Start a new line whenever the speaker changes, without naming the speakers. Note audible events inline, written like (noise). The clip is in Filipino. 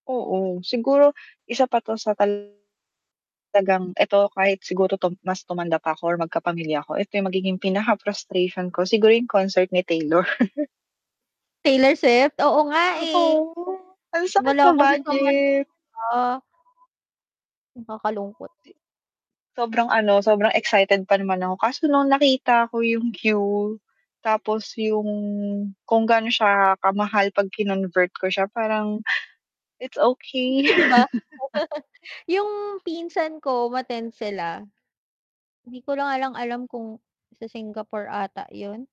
Oo, siguro isa pa 'to sa talagang eto, kahit siguro 'to mas tumanda pa 'ko or magkapamilya ako, eto yung magiging pinaka frustration ko, siguro yung concert ni Taylor. (chuckles)
Taylor Swift, oo nga, eh,
Oo, ang sakit
wala
sa
kasi sa
budget.
Manila.
D
Nakakalungkot.
sobrang ano, sobrang excited pa naman ako, kaso nung nakita ko yung queue, tapos yung, kung gaano siya kamahal 'pag kinonvert ko siya parang, it's
Laki
okey.
'di ba? (chuckles)
(chuckles)
Yung pinsan ko, umattend sila, hindi ko lang nga alam kung sa Singapore ata yun.